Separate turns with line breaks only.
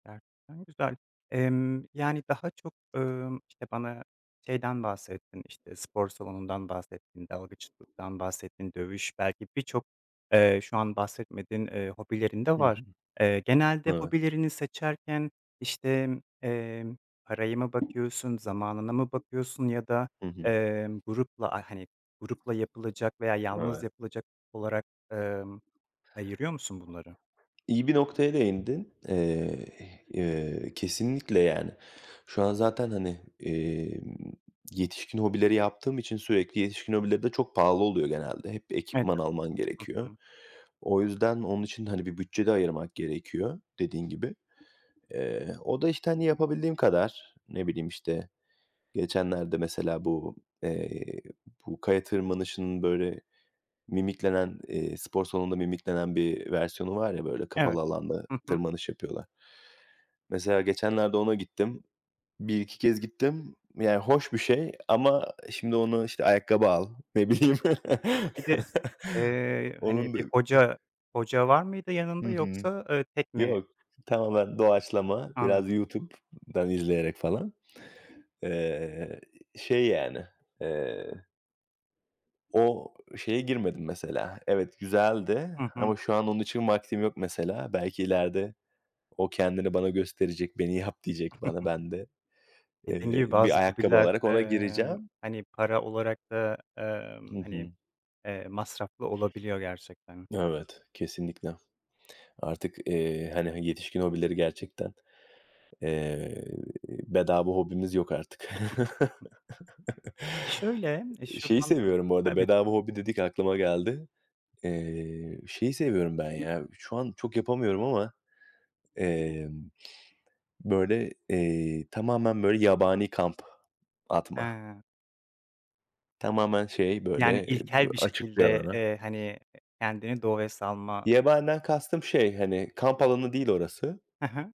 Gerçekten güzel. Emm, yani daha çok, ımm, işte bana şeyden bahsettin, işte spor salonundan bahsettin, dalgıçlıktan bahsettin, dövüş belki birçok, eee, şu an bahsetmediğin, eee, hobilerin de
Hı
var.
hı.
Eee, genelde
Evet.
hobilerini seçerken, işte, emm, paraya mı bakıyorsun, zamanına mı bakıyorsun ya da,
Hı hı.
emm, grupla, aaa, hani, yapılacak veya yalnız
Evet.
yapılacak olarak, ımm, ayırıyor musun bunları?
İyi bir noktaya değindin. Eee, ih iii, kesinlikle yani. Şu an zaten, hani, emm, yetişkin hobileri yaptığım için sürekli yetişkin hobileri de çok pahalı oluyor genelde. Hep bir
Evet.
ekipman alman
Hı
gerekiyor.
hı.
O yüzden, onun için de hani, bir bütçe de ayırmak gerekiyor dediğin gibi. Eee, o da işte, hani, yapabildiğim kadar. Ne bileyim işte geçenlerde mesela bu, eee, bu kaya tırmanışının böyle mimiklenen, eee, spor salonunda mimiklenen bir versiyonu var ya böyle
Evet.
kapalı alanda
Hı hı.
tırmanış yapıyorlar. Mesela geçenlerde ona gittim. 1-2 kez gittim. Yani hoş bir şey ama şimdi onu işte ayakkabı al, ne bileyim.
Tabii bir de, eee, hani,
Onun da,
bir
eee
hoca hoca var mıydı
Hı
yanında
hı.
yoksa, ııı, tek mi?
Yok, tamamen doğaçlama,
Anl
biraz YouTube'dan izleyerek falan. Eee, şey yani, eee o şeye girmedim mesela. Evet, güzeldi
Hı hı.
ama şu an onun için vaktim yok mesela. Belki ileride o kendini bana gösterecek, beni yap diyecek bana. Ben de,
Dediğin
eee,
gibi
bir
bazı
ayakkabı
hobiller,
alarak ona
emm,
gireceğim.
hani para olarak da,
Hı
emm, hani,
hı.
eee, masraflı olabiliyor gerçekten.
Evet, kesinlikle. Artık, eee, hani, yetişkin hobileri gerçekten, eee, bedava hobimiz yok artık.
Şöyle, emm,
Iıı, şeyi
şuradan da,
seviyorum bu arada,
tabii
bedava hobi dedik aklıma geldi. Eee, şeyi seviyorum ben ya, şu an çok yapamıyorum ama, emm, böyle, eee, tamamen böyle yabani kamp atma.
He.
Tamamen şey
Yani
böyle, b
ilkel bir
açık bir
şekilde,
alana.
eee, hani, kendini doğaya salma.
Yabaniden kastım şey, hani, kamp alanı değil orası.
He he.